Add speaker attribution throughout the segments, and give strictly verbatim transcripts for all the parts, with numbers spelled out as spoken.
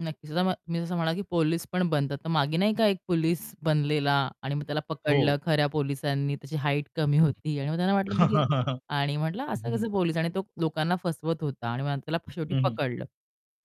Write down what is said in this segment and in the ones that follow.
Speaker 1: नक्कीच [unintelligible] मी तसं म्हणाला, की पोलीस पण बनतात. तर मागे नाही का एक पोलीस बनलेला आणि मग त्याला
Speaker 2: हो.
Speaker 1: पकडलं खऱ्या पोलिसांनी. त्याची हाइट कमी
Speaker 2: हं.
Speaker 1: होती आणि मग त्यांना वाटलं, की ती आणि म्हटलं,
Speaker 2: हं,
Speaker 1: असं
Speaker 2: हं.
Speaker 1: कसं पोलीस? आणि तो लोकांना फसवत होता आणि मग त्याला शेवटी
Speaker 2: हं, हं.
Speaker 1: पकडलं.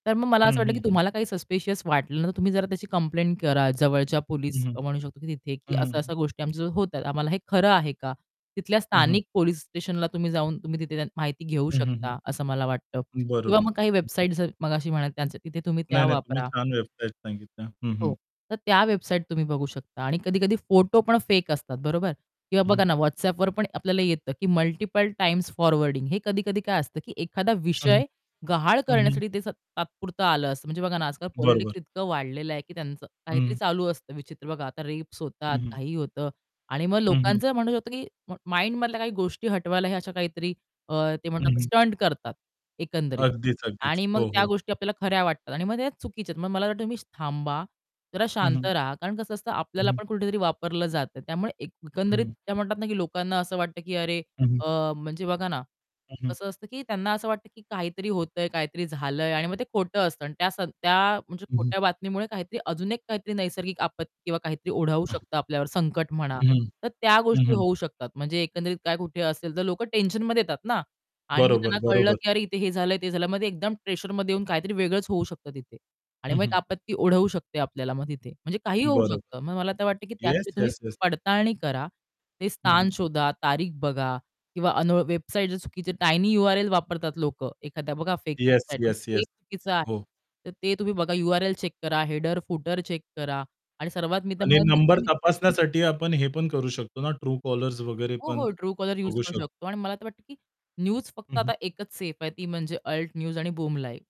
Speaker 1: तर मग मला असं
Speaker 2: हं,
Speaker 1: वाटलं, की
Speaker 2: हं, हं.
Speaker 1: तुम्हाला काही सस्पिशियस वाटलं ना, तर तुम्ही जरा त्याची कंप्लेंट करा जवळच्या
Speaker 2: हं,
Speaker 1: पोलिस
Speaker 2: हं.
Speaker 1: म्हणू शकतो, की तिथे की
Speaker 2: हं, हं, हं.
Speaker 1: अशा-अशा गोष्टी आमच्या जवळ होतात. आम्हाला हे खरं आहे का? तिथल्या
Speaker 2: हं. हं.
Speaker 1: स्थानिक पोलिस स्टेशनला तुम्ही जाऊन, तुम्ही तिथे माहिती घेऊ
Speaker 2: हं, हं,
Speaker 1: शकता असं मला वाटतं.
Speaker 2: हं.
Speaker 1: किंवा
Speaker 2: बरोबर.
Speaker 1: मग काही
Speaker 2: हं, हं.
Speaker 1: वेबसाईट मगाशी म्हणायचं त्यांचं तिथे तुम्ही त्या
Speaker 2: नाही, नाही. तुम्ही
Speaker 1: वापरा.
Speaker 2: छान वेबसाईट सांगितल्या. हं,
Speaker 1: हो,
Speaker 2: हं.
Speaker 1: तर त्या वेबसाईट तुम्ही बघू शकता आणि कधी-कधी फोटो पण फेक असतात, बरोबर? किंवा
Speaker 2: हं, हं.
Speaker 1: बघा ना WhatsAppवर पण आपल्याला येतं, की मल्टिपल टाइम्स फॉरवर्डिंग हे. कधी-कधी काय असतं, की एखादा
Speaker 2: हं.
Speaker 1: विषय गहाळ
Speaker 2: हं, हं.
Speaker 1: करण्यासाठी ते तात्पुरतं आलं असतं. म्हणजे बघा ना, आजकाल
Speaker 2: बरोबर.
Speaker 1: पॉलिटिक्स इतकं वाढलेलं आहे, की त्यांचं काहीतरी
Speaker 2: हं.
Speaker 1: चालू असतं विचित्र. बघा, आता रेप्स होतात,
Speaker 2: हं, हं.
Speaker 1: काही होतं. आणि मग
Speaker 2: हं, हं.
Speaker 1: लोकांचं म्हणणं होतं, की माइंड मधल्या काही गोष्टी हटवायला हे अशा काहीतरी अ, ते
Speaker 2: हं,
Speaker 1: म्हणतात
Speaker 2: हं.
Speaker 1: स्टंट करतात, एकंदरीत.
Speaker 2: अगदीच, अगदीच.
Speaker 1: आणि मग
Speaker 2: हो,
Speaker 1: त्या
Speaker 2: हो.
Speaker 1: गोष्टी आपल्याला खऱ्या वाटतात आणि मग त्या चुकीच्या आहेत. मग मला असं वाटतं, तुम्ही थांबा, जरा
Speaker 2: हं,
Speaker 1: शांत
Speaker 2: हं.
Speaker 1: राहा. कारण कसं असतं,
Speaker 2: हं,
Speaker 1: आपल्याला
Speaker 2: हं.
Speaker 1: पण कुठेतरी वापरलं जातं. त्यामुळे एक
Speaker 2: हं,
Speaker 1: एकंदरीत
Speaker 2: हं.
Speaker 1: त्या म्हणतात ना, की लोकांना असं वाटतं, की अरे,
Speaker 2: हं, हं.
Speaker 1: अ, म्हणजे बघा ना
Speaker 2: हं, हं.
Speaker 1: कसं असतं, की त्यांना असं वाटतं, की काहीतरी होतंय, काहीतरी झालंय आणि मग ते खोटं असतं आणि त्या त्या म्हणजे
Speaker 2: हं, हं.
Speaker 1: खोट्या बातमीमुळे काहीतरी अजून एक काहीतरी नैसर्गिक आपत्ती किंवा काहीतरी ओढावू
Speaker 2: हं.
Speaker 1: शकतं आपल्यावर, संकट म्हणा.
Speaker 2: हं, हं.
Speaker 1: तर त्या
Speaker 2: हं,
Speaker 1: गोष्टी
Speaker 2: हं.
Speaker 1: होऊ शकतात म्हणजे एकंदरीत काय, कुठे असेल तर लोकं टेन्शनमध्ये येतात ना आणि मग
Speaker 2: बरोबर,
Speaker 1: त्यांना कळलं,
Speaker 2: बरोबर.
Speaker 1: की "अरे, इथे हे झालं ते झालं." मग एकदम प्रेशरमध्ये येऊन काहीतरी वेगळंच होऊ शकतं तिथे. आणि
Speaker 2: हं,
Speaker 1: मग एक
Speaker 2: हं.
Speaker 1: आपत्ती ओढवू शकते आपल्याला मग तिथे म्हणजे काहीही होऊ
Speaker 2: बरोबर.
Speaker 1: शकतं. मग मला तर वाटतं, की
Speaker 2: येस,
Speaker 1: त्यासाठी तुम्ही
Speaker 2: येस, येस.
Speaker 1: पडताळणी करा. ते
Speaker 2: हं, हं.
Speaker 1: स्थान शोधा, तारीख बघा किंवा अन वेबसाईट चुकीची टायनी यू-आर-एल वापरतात लोकं. एखाद्या बघा फेक
Speaker 2: येस,
Speaker 1: वेबसाईट,
Speaker 2: येस,
Speaker 1: ते
Speaker 2: येस.
Speaker 1: चुकीचं आहे.
Speaker 2: हो.
Speaker 1: तर ते तुम्ही बघा, यू-आर-एल चेक करा, हेडर फूटर चेक करा आणि सर्वात मी तर
Speaker 2: आणि
Speaker 1: म्हणेल, की
Speaker 2: नंबर
Speaker 1: तुम्ही
Speaker 2: तपासण्यासाठी आपण हे पण करू शकतो ना Truecaller वगैरे
Speaker 1: हो,
Speaker 2: पण
Speaker 1: हो. Truecaller यूज
Speaker 2: बघू
Speaker 1: करू
Speaker 2: शकतो.
Speaker 1: शकतो आणि मला तर वाटतं, की न्यूज
Speaker 2: हं,
Speaker 1: फक्त
Speaker 2: हं.
Speaker 1: आता एकच सेफ आहे, ती म्हणजे अल्ट न्यूज आणि बूम लाईव्ह.